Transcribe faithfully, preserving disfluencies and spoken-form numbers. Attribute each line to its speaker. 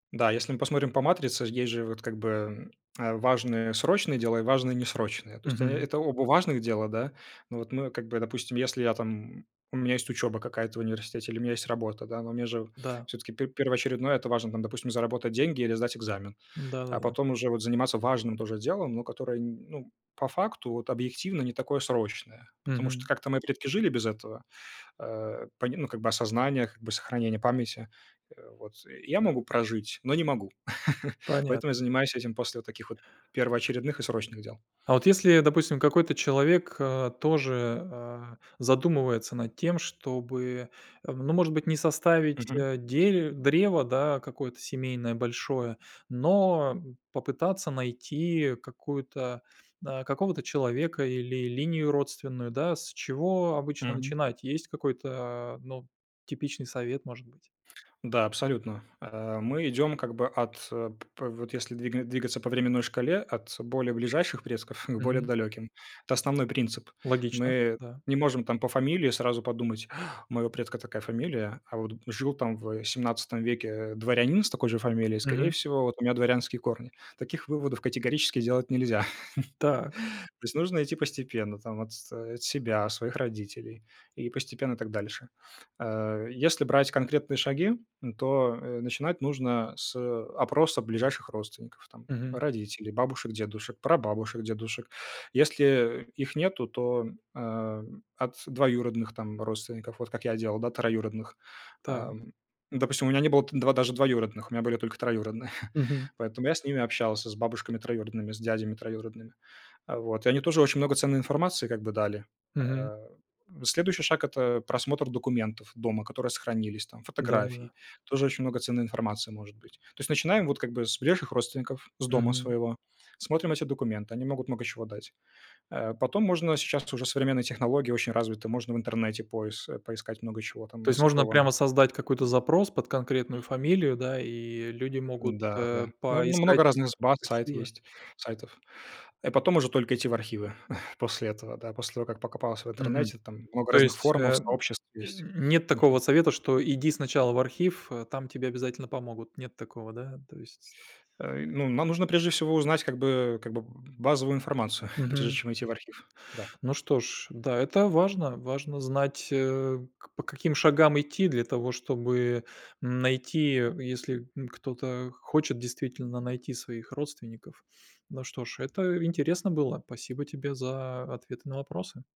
Speaker 1: Да, если мы посмотрим по матрице, есть же, вот, как бы, э, важные срочные дела и важные несрочные. То есть, э,
Speaker 2: Мгм.
Speaker 1: это оба важных дела, да. Ну, вот мы, как бы, допустим, если я, там, м, у меня есть учеба какая-то в университете или у меня есть работа, да, но мне же
Speaker 2: Да.
Speaker 1: всё-таки пер первоочередное это важно, там, допустим, заработать деньги или сдать экзамен.
Speaker 2: Да да
Speaker 1: А
Speaker 2: да да.
Speaker 1: потом уже вот заниматься важным тоже делом, но которое, н ну, по факту, вот, объективно не такое срочное, потому что
Speaker 2: Мгм.
Speaker 1: как-то мои предки жили без этого, э, по ним, ну, как бы осознаниях, как бы сохранения памяти. Вот и я могу прожить, но не могу.
Speaker 2: Понят
Speaker 1: Поэтому я занимаюсь этим после таких вот первоочередных и срочных дел.
Speaker 2: А вот если, допустим, какой-то человек, э, тоже, э, задумывается над тем, чтобы, ну, может быть, не составить,
Speaker 1: Мгм.
Speaker 2: э, дере древо, да, какое-то семейное большое, но попытаться найти какую-то, э, какого-то человека или линию родственную, да. С чего обычно
Speaker 1: Мгм.
Speaker 2: начинать? Есть какой-то, а, ну, типичный совет, может быть?
Speaker 1: Да, абсолютно. А, мы идем как бы от п п вот если двиг двигаться по временной шкале: от более ближайших предков, ну, к более
Speaker 2: Мгм.
Speaker 1: далеким. Это основной принцип.
Speaker 2: Логично,
Speaker 1: Мы
Speaker 2: да.
Speaker 1: не можем, там, по фамилии сразу подумать: "У моего предка такая фамилия, а вот жил, там, в семнадцатом веке, э, дворянин с такой же фамилией, скорее
Speaker 2: Мгм.
Speaker 1: всего, вот у меня дворянские корни." Таких выводов категорически делать нельзя.
Speaker 2: Так.
Speaker 1: То есть нужно идти постепенно, там, от с себя, своих родителей, и постепенно так дальше. Э, если брать конкретные шаги, то, э, начинать нужно с, э, опроса ближайших родственников там:
Speaker 2: Мгм.
Speaker 1: родителей, бабушек, дедушек, прабабушек, дедушек. Если, э, их нету, то, э, от двоюродных, там, родственников. Вот как я делал, да, троюродных. А,
Speaker 2: Так.
Speaker 1: допустим, у меня не было там два даже двоюродных. У меня были только троюродные,
Speaker 2: Мгм.
Speaker 1: поэтому я с ними общался с бабушками троюродными, с дядями троюродными. Э, вот, и они тоже очень много ценной информации как бы дали.
Speaker 2: Мгм.
Speaker 1: А, следующий шаг- это просмотр документов дома, которые сохранились, там,
Speaker 2: Да-да-да.
Speaker 1: фотографий. Тоже очень много ценной информации может быть. То есть, начинаем, вот, как бы с ближайших родственников, с дома
Speaker 2: Мгм.
Speaker 1: своего, смотрим эти документы, они могут много чего дать. А потом можно, сейчас уже современные технологии очень развиты, можно в интернете поис поискать, много чего
Speaker 2: То
Speaker 1: там
Speaker 2: есть можно прямо
Speaker 1: оцифровано.
Speaker 2: создать какой-то запрос под конкретную фамилию, да, и люди могут,
Speaker 1: Да,
Speaker 2: э,
Speaker 1: да, но
Speaker 2: поискать
Speaker 1: много разных з баз,
Speaker 2: по
Speaker 1: сайт
Speaker 2: ФИО?
Speaker 1: есть, сайтов, а потом уже только идти в архивы после этого, да, после того, как покопался в
Speaker 2: Мгм.
Speaker 1: интернете, там много
Speaker 2: То
Speaker 1: разных
Speaker 2: есть,
Speaker 1: форумов,
Speaker 2: э,
Speaker 1: сообществ есть.
Speaker 2: н нет такого
Speaker 1: Мгм.
Speaker 2: совета, что иди сначала в архив, а там тебе обязательно помогут. Нет такого, да, то есть
Speaker 1: Э, ну, нам нужно, прежде всего, узнать как бы как бы б базовую информацию, прежде
Speaker 2: Мгм.
Speaker 1: чем идти в архив. Да.
Speaker 2: Ну что ж, да, это важно. Важно знать, э, к по каким шагам идти для того, чтобы найти, если н кто-то хочет действительно найти своих родственников. Ну что ж, это интересно было. Спасибо тебе за ответы на вопросы.